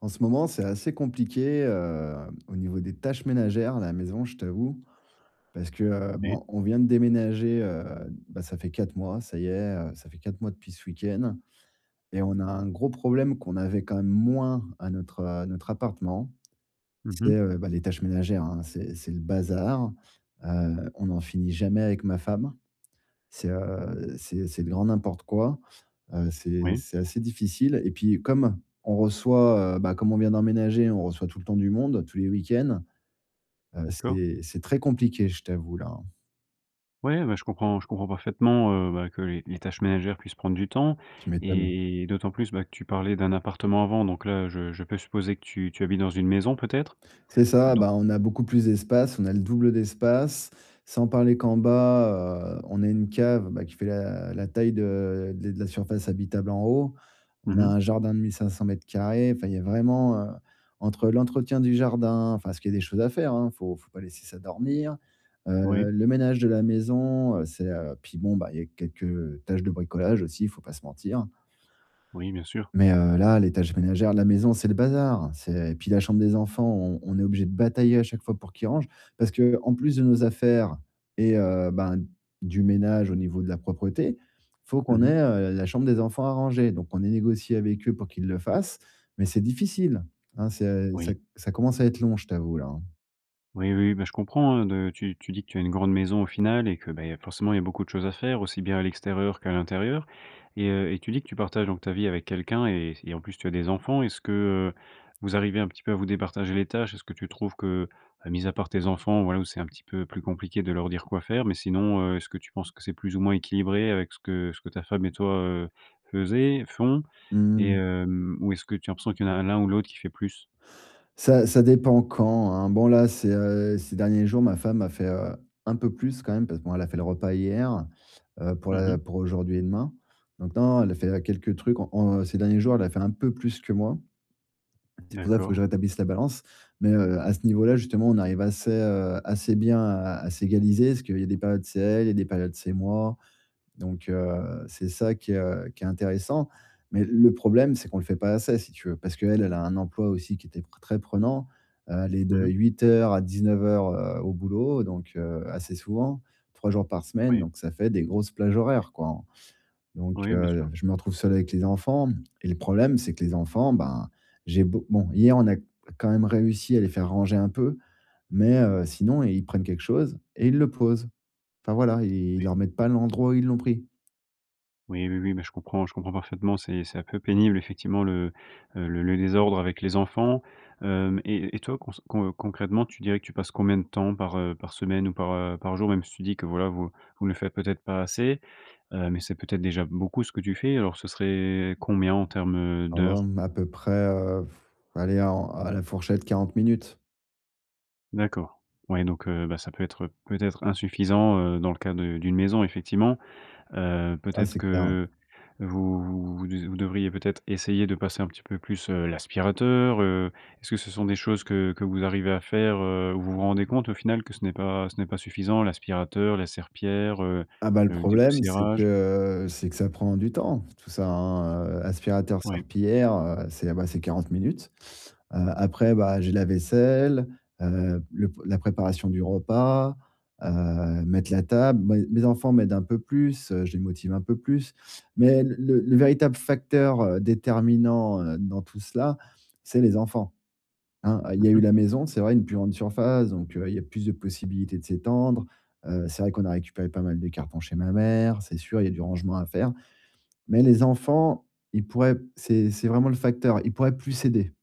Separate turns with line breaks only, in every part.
En ce moment, c'est assez compliqué, heu, au niveau des tâches ménagères à la maison, je t'avoue. Parce que, heu,
Oui.
bon, on vient de déménager, heu, bah, ça fait 4 mois. Ça y est, heu, ça fait 4 mois depuis ce week-end et on a un gros problème qu'on avait quand même moins à notre, heu, à notre appartement,
Mmh
c'est,
mmh.
heu, bah, les tâches ménagères, hein. C'est c'est le bazar, heu, on en finit jamais avec ma femme. C'est, heu, c'est c'est le grand n'importe quoi, heu, c'est
Oui.
c'est assez difficile et puis comme on reçoit, heu, bah, comme on vient d'emménager, on reçoit tout le temps du monde, tous les week-ends. Heu,
D'accord.
c'est c'est très compliqué, je t'avoue là.
Ouais, ben je comprends je comprends parfaitement, heu, bah, que les les tâches ménagères puissent prendre du temps
Tu m'étonnes.
et d'autant plus, bah, que tu parlais d'un appartement avant, donc là je je peux supposer que tu tu habites dans une maison peut-être?
C'est ça,
Don
bah, on a beaucoup plus d'espace, on a le double d'espace, sans parler qu'en bas, heu, on a une cave, bah, qui fait la la taille de de les de la surface habitable en haut.
Mmh
On a
mmh.
un jardin de 1500 m², enfin il y a vraiment, heu, entre l'entretien du jardin, enfin, ce qu'il y a des choses à faire hein, faut faut pas laisser ça dormir,
Oui.
heu, le ménage de la maison, heu, c'est, heu, puis bon, bah, il y a quelques, heu, tâches de bricolage aussi, faut pas se mentir.
Oui, bien sûr.
Mais, heu, là les tâches ménagère de la maison, c'est le bazar, c'est et puis la chambre des enfants, on on est obligé de batailler à chaque fois pour qu'ils rangent. Parce qu'en plus de nos affaires et heu, ben, du ménage au niveau de la propreté, il faut
Mmh
qu'on
mmh.
ait, heu, la chambre des enfants à ranger. Donc on a négocié avec eux pour qu'ils le fassent, mais c'est difficile, hein c'est à
Oui.
ça c ça commence à être long, je t'avoue là hein.
Oui, oui, bah, je comprends, heu, de tu tu dis que tu as une grande maison au final et que, beh, il y a forcément il y a beaucoup de choses à faire aussi bien à l'extérieur qu'à l'intérieur et heu, et tu dis que tu partages donc ta vie avec quelqu'un et et en plus tu as des enfants. Est-ce que, heu, vous arrivez un petit peu à vous départager les tâches? Est-ce que tu trouves que, heu, mis à part tes enfants, voilà, où c'est un petit peu plus compliqué de leur dire quoi faire mais sinon, heu, est-ce que tu penses que c'est plus ou moins équilibré avec ce que ce que ta femme et toi, heu, faisez, font,
Mmh
et
mh.
hem, ou est-ce que tu as l'impression qu'il y en a l'un ou l'autre qui fait plus?
Ça ça dépend quand, hein, bon là c'est, heu, ces derniers jours ma femme a fait, heu, un peu plus quand même parce que bon, elle a fait le repas hier, heu, pour
Mmh
la
mh.
pour aujourd'hui et demain. Donc non, elle a fait quelques trucs en en ces derniers jours, elle a fait un peu plus que moi. T c'est pour ça il faut que
D'accord.
je rétablisse la balance, mais, heu, à ce niveau là justement, on arrive assez, heu, assez bien à à s'égaliser parce qu'il y a des périodes c'est elle, il y a des périodes c'est moi. Donc, heu, c'est ça qui est, heu, qui est intéressant, mais le problème, c'est qu'on le fait pas assez si tu veux, parce qu'elle, elle a un emploi aussi qui était p très prenant, heu, elle est
Mmh
de
mh.
8:00 à 19:00 heu, au boulot donc, heu, assez souvent. 3 jours par semaine
Oui.
donc ça fait des grosses plages horaires, quoi. Donc,
Oui, bien
heu,
sûr.
je me retrouve seul avec les enfants, et le problème c'est que les enfants, ben, j'ai beau bon hier on a quand même réussi à les faire ranger un peu, mais heu, sinon ils prennent quelque chose et ils le posent. Enfin, voilà, ils
Oui.
le remettent pas à l'endroit où ils l'ont pris.
Oui, oui, oui, mais je comprends je comprends parfaitement c'est c'est un peu pénible effectivement le, heu, le le désordre avec les enfants. Hem et et toi cons con heu, concrètement tu dirais que tu passes combien de temps par, heu, par semaine ou par, heu, par jour même si tu dis que voilà vous vous ne faites peut-être pas assez, heu, mais c'est peut-être déjà beaucoup ce que tu fais. Alors ce serait combien en terme, heu,
Oh,
d'heures?
mmh, à peu près, heu, f allez à en à la fourchette, 40 minutes.
D'accord, ouais donc, heu, bah, ça peut être, heu, peut-être insuffisant, heu, dans le cas de d'une maison effectivement. Heu,
Ah,
peut-être
c'est clair, ouais.
que vous vous vous diz vous devriez peut-être essayer de passer un petit peu plus, heu, l'aspirateur, heu, est-ce que ce sont des choses que que vous arrivez à faire, heu, où vous vous rendez compte au final que ce n'est pas ce n'est pas suffisant l'aspirateur, la serpillère, heu,
Ah bah, le
le
problème, c'est
dépoussiérage?
que, heu, c'est que ça prend du temps tout ça, hein, heu, aspirateur,
Oui.
serpillière, heu, c'est, ben, c'est 40 minutes. Heu, après bah j'ai la vaisselle, heu, le p la préparation du repas, heu, mettre la table. Moi et mes enfants m'aident un peu plus, heu, je les motive un peu plus mais l le le véritable facteur, heu, déterminant, heu, dans tout cela, c'est les enfants. Hein, heu, il
Mmh
y a eu
mh.
la maison, c'est vrai, une plus grande surface donc, heu, il y a plus de possibilités de s'étendre. Heu, c'est vrai qu'on a récupéré pas mal de cartons chez ma mère, c'est sûr il y a du rangement à faire. Mais les enfants, ils pourraient, c'est c'est vraiment le facteur, ils pourraient plus aider.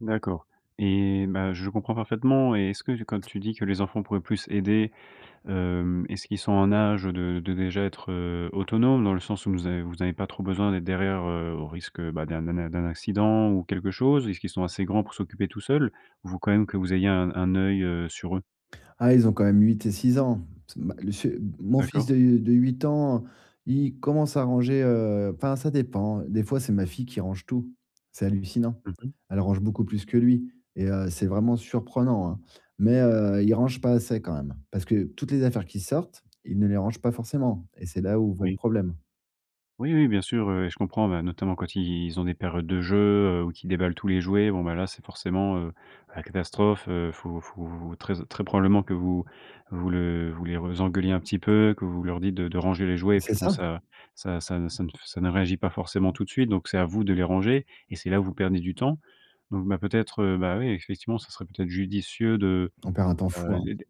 D'accord et bah, je comprends parfaitement et est-ce que tu quand tu dis que les enfants pourraient plus aider, hem. Est-ce qu'ils sont en âge de de déjà être, heu, autonome dans le sens où nous av vous avez pas trop besoin d'être derrière, heu, au risque, bah, d'un d'un d'un d'un accident ou quelque chose? Est-ce qu'ils sont assez grands pour s'occuper tous seuls? Ou vous quand même que vous ayez un un œil, heu, sur eux?
Ah, ils ont quand même 8 et 6 ans. C'est ma le ch m mon fils
D'accord.
de, heu, de 8 ans, il commence à ranger, heu, enfin, ça dépend. Des fois, c'est ma fille qui range tout. C'est hallucinant.
Mmh mh.
Elle range beaucoup plus que lui et heu, c'est vraiment surprenant, hein. Mais, heu, ils rangent pas assez quand même, parce que toutes les affaires qu'ils sortent, ils ne les rangent pas forcément et c'est là où va le
Oui.
problème.
Oui, oui, bien sûr, heu et je comprends. Bah, notamment quand ils ont des périodes de jeux, heu, ou qu'ils déballent tous les jouets. Bon, bah, là, c'est forcément, heu, la catastrophe, heu, faut faut très très probablement que vous vous le vous les re les engueuliez un petit peu, que vous leur dites de de ranger les jouets et puis,
C'est
bon,
ça!
ça ça ça ne ça ne réagit pas forcément tout de suite, donc c'est à vous de les ranger et c'est là où vous perdez du temps. Donc bah, peut-être, heu, bah oui, effectivement, ça serait peut-être judicieux de,
On perd un temps
heu
fou, hein.
heu, de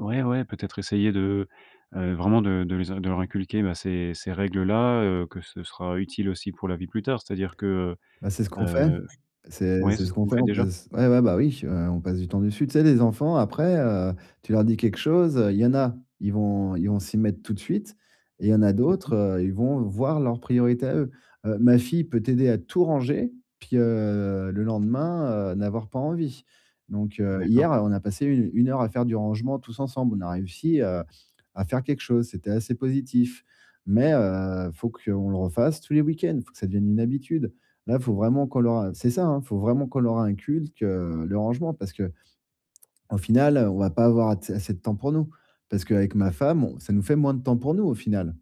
ouais, ouais. Peut-être essayer de, heu heu, vraiment de de les in de leur inculquer, bah, ces ces règles-là, heu, que ce sera utile aussi pour la vie plus tard, c'est-à-dire que,
Bah, c'est ce
heu
qu'on fait.
heu
C'est
ouais.
c'est
C'est ce
ce
que
qu'on
vous
fait,
faites
on
déjà?
passe ouais, ouais, bah oui. Heu, on passe du temps dessus. Tu sais, les enfants après, heu, tu leur dis quelque chose, heu, il y en a, ils vont ils vont s'y mettre tout de suite et il y en a
Mmh mh.
d'autres, heu, ils vont voir leurs priorités à eux. Heu, ma fille peut t'aider à tout ranger, puis, heu, le lendemain, heu, n'avoir pas envie. Donc, heu,
D'accord.
hier, on a passé u une heure à faire du rangement tous ensemble. On a réussi à à faire quelque chose, c'était assez positif. Mais, heu, faut qu'on le refasse tous les week-ends, faut que ça devienne une habitude. Là, faut vraiment qu'on leur, heu c'est ça, hein, faut vraiment qu'on leur inculque, heu, le rangement parce qu'au final, heu, on va pas avoir att assez de temps pour nous, parce qu'avec ma femme, ça nous fait moins de temps pour nous, au final.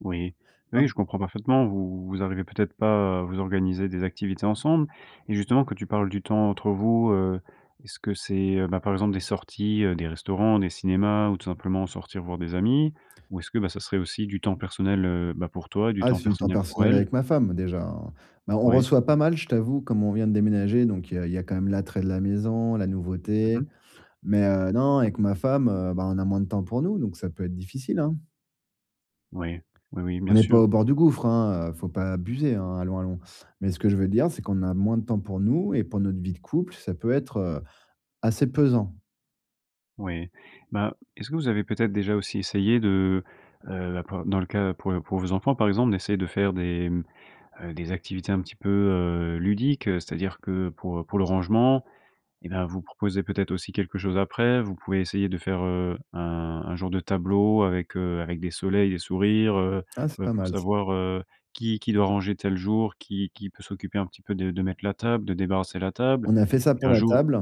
Oui. Oui,
[unintelligible]
je comprends parfaitement. Vous vous arrivez peut-être pas à vous organiser des activités ensemble et justement, quand tu parles du temps entre vous, heu, est-ce que c'est, heu, bah, par exemple des sorties, heu, des restaurants, des cinémas ou tout simplement sortir voir des amis? Ou est-ce que, bah, ça serait aussi du temps personnel, heu, ben, pour toi et du
Ah,
temps
c'est du temps
personnel pour
personnel
elle?
avec ma femme, déjà, hein. Mais on
Oui.
reçoit pas mal, je t'avoue, comme on vient de déménager, donc il y a il y a quand même l'attrait de la maison, la
Mmh
nouveauté.
mh.
Mais, heu, non, avec ma femme, heu, ben, on a moins de temps pour nous, donc ça peut être difficile, hein.
Ouais, oui, oui, bien
On n'est pas
sûr.
au bord du gouffre, hein, heu, faut pas abuser, hein, allons, allons. Mais ce que je veux dire, c'est qu'on a moins de temps pour nous et pour notre vie de couple, ça peut être, heu, assez pesant.
Ouais. Bah, est-ce que vous avez, peut-être, déjà aussi essayé de, heu, b p dans le cas pour pour vos enfants par exemple, d'essayer de faire des, mmh, heu, des activités un petit peu, heu, ludique, c'est-à-dire que pour pour le rangement, eh ben, vous proposez peut-être aussi quelque chose après. Vous pouvez essayer de faire, heu, un un genre de tableau avec, heu, avec des soleils, des sourires, heu,
Ah, c'est
ben,
pas
pour
mal ça.
savoir, heu, qui qui doit ranger tel jour, qui qui peut s'occuper un petit peu de de mettre la table, de débarrasser la table
On a fait ça
et
pour
un
la
jour
table.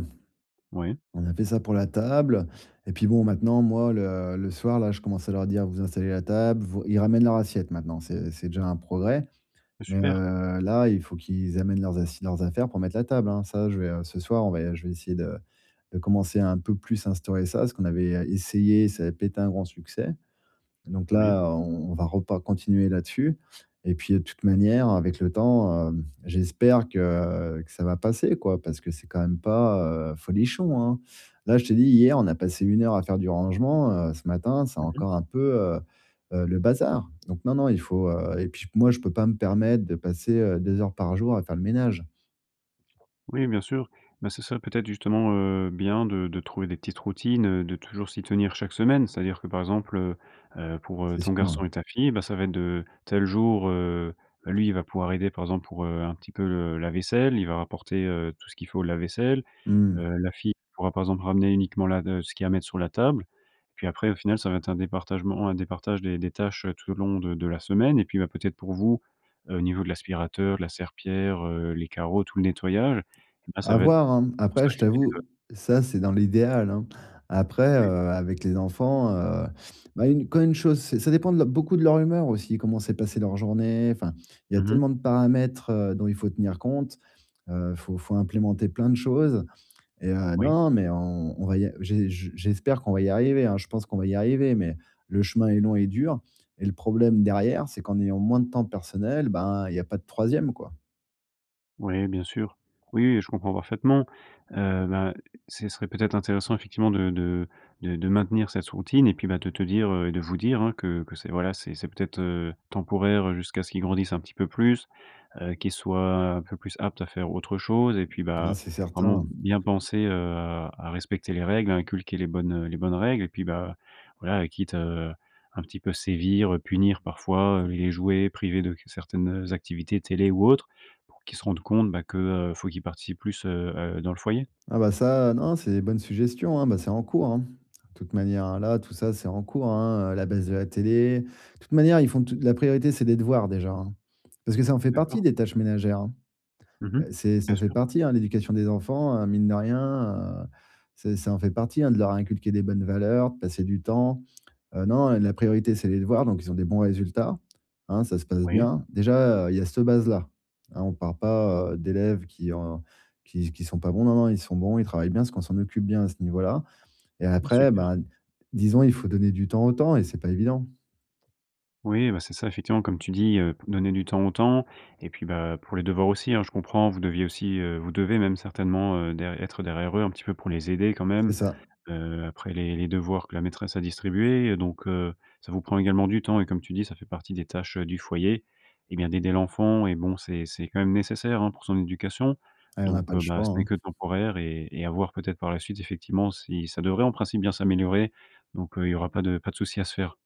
Ouais.
On a fait ça pour la table et puis, bon, maintenant moi, le le soir là, je commence à leur dire: «Vous installez la table, vous» ils ramènent leur assiette maintenant, c'est c'est déjà un progrès.
Heu,
Mais,
super.
heu, là, il faut qu'ils amènent leurs assi leurs affaires, pour mettre la table, hein, ça je vais ce soir on va je vais essayer de de commencer un peu plus à instaurer ça, ce qu'on avait essayé, ça avait pas été un grand succès. Donc
Oui.
là, on on va repa continuer là dessus et puis toute manière avec le temps, heu, j'espère que, heu, que ça va passer quoi, parce que c'est quand même pas, heu, folichon, hein. Là, je t'ai dit hier, on a passé une heure à faire du rangement, heu, ce matin, c'est
Mmh mh.
encore un peu, heu heu le bazar. Donc, non, non, il faut, heu, et puis ch moi, je peux pas me permettre de passer, heu, 2 heures par jour, à faire le ménage.
Oui, bien sûr. Bah ce serait peut-être justement, heu, bien de de trouver des petites routines, heu, de toujours s'y tenir chaque semaine, c'est-à-dire que par exemple, heu, pour, heu,
C'est
ton
sûr.
garçon et ta fille, bah, ça va être de tel jour, heu, lui il va pouvoir aider par exemple pour, heu, un petit peu le la vaisselle, il va rapporter, heu, tout ce qu'il faut au lave-vaisselle.
Mmh mh.
Heu, la fille pourra par exemple ramener uniquement la de ce qu'il y a à mettre sur la table. Puis après au final, ça va être un départage un départage des des tâches tout au long de de la semaine. Et puis, bah, peut-être pour vous, heu, au niveau de l'aspirateur, de la serpillère, heu, les carreaux, tout le nettoyage, eh bah, ça
À
va être
voir, hein, m après je
[unintelligible]
t'avoue, ça c'est dans l'idéal, hein. Après,
Oui.
heu, avec les enfants, heu, bah, une quand une chose, c'est ça dépend de l beaucoup de leur humeur aussi. Comment s'est passé leur journée? Enfin, il y a
Mmh mh.
tellement de paramètres, heu, dont, il faut tenir compte. Heu, faut faut implémenter plein de choses et heu,
Oui.
non, non, mais on on va y a j'ai j'espère qu'on va y arriver hein, je pense qu'on va y arriver, mais le chemin est long et dur. Et le problème derrière, c'est qu'en ayant moins de temps personnel, ben il y a pas de 3e, quoi.
Oui, bien sûr! Oui et je comprends parfaitement, heu, bah, ce serait peut-être intéressant, effectivement, de de de de maintenir cette routine et puis, bah, de te dire, heu et de vous dire, hein, que que c'est, voilà, c'est c'est peut-être, heu, temporaire, heu, jusqu'à ce qu'ils grandissent un petit peu plus, heu, qu'ils soient un peu plus aptes à faire autre chose et puis,
Ah,
bah,
c'est
vraiment
certain.
bien penser, heu, à respecter les règles, à inculquer les bonnes les bonnes règles et puis ,bah, voilà, quitte, heu, un petit peu sévir, heu, punir parfois, les jouets, privés de certaines, heu, activités, télé ou autres, pour qu'ils se rendent compte, bah, que, heu, faut qu'ils participent plus, heu heu, dans le foyer?
Ah bah ça, heu, non, c'est des bonnes suggestions, hein, bah, c'est en cours, hein. De toute manière, heu, là, tout ça, c'est en cours, hein, heu, la baisse de la télé. De toute manière, ils font tout la priorité, c'est des devoirs déjà, hein. Parce que ça en fait partie
D'accord.
des tâches ménagères, hein,
Mmh mh.
heu, c'est
Bien
ça fait
sûr.
partie hein, l'éducation des enfants heu mine de rien heu, c'est ça en fait partie hein, de leur inculquer des bonnes valeurs, passer du temps, heu, non, la priorité c'est les devoirs donc ils ont des bons résultats, hein, ça se passe
Oui.
bien. Déjà, heu, il y a cette base là, hein, on parle pas, heu, d'élèves qui ont qui qui sont pas bons. Non, non, ils sont bons, ils travaillent bien parce qu'on s'en occupe bien à ce niveau là et
Mais
après,
super.
bah, disons, il faut donner du temps au temps et c'est pas évident.
Oui, bah, c'est ça. Effectivement, comme tu dis, heu, p donner du temps au temps et puis, bah, pour les devoirs aussi, hein, je comprends, vous deviez aussi, heu, vous devez même certainement, heu, der être derrière eux un petit peu pour les aider quand
C'est
même,
ça.
heu, après les les devoirs que la maîtresse a distribués. Heu, donc, heu, ça vous prend également du temps et comme tu dis, ça fait partie des tâches heu, du foyer, eh bien, d'aider l'enfant et bon, c'est c'est quand même nécessaire, hein, pour son éducation.
Et on n'a
Donc,
pas le
heu, bah,
choix,
ce n'est
hein.
que temporaire et et à voir peut-être par la suite. Effectivement, si ça devrait en principe bien s'améliorer donc, heu, il y aura pas de pas de souci à se faire.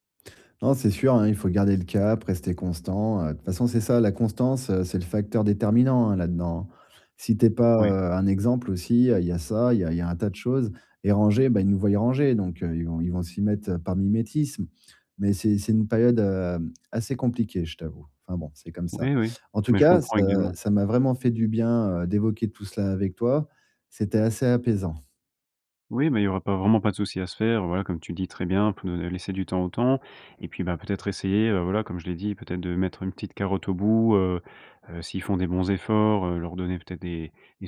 Non, c'est sûr, hein, il faut garder le cap, rester constant, heu. Toute façon, c'est ça la constance, heu, c'est le facteur déterminant, hein, là dedans, hein. Si tu es pas,
Oui.
heu, un exemple aussi, il y a il y a ça, il y a il y a un tas de choses et ranger ben ils nous voient ranger donc, heu, ils vont ils vont s'y mettre, heu, par mimétisme. Mais c'est c'est une période, hem, assez compliquée, je t'avoue. Enfin bon, c'est comme ça.
Oui, oui,
En tout
mais je
cas,
comprends
ça
également.
ça m'a vraiment fait du bien, heu, d'évoquer tout cela avec toi, c'était assez apaisant.
Oui, mais il y aura pas vraiment pas de souci à se faire. Voilà, comme tu dis très bien, p heu, laisser du temps au temps et puis, bah, peut-être essayer, heu, voilà, comme je l'ai dit peut-être de mettre une petite carotte au bout, heu heu, s'ils font des bons efforts, heu, leur donner peut-être des des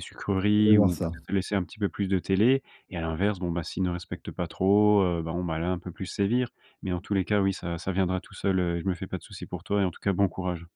Je vais
sucreries
voir
ou
ça.
peut-être laisser un petit peu plus de télé et à l'inverse, bon, bah, s'ils ne respectent pas trop, heu, bon, bah, là, un peu plus sévir. Mais, en tous les cas, oui, ça ça viendra tout seul, heu et je me fais pas de souci pour toi et en tout cas, bon courage.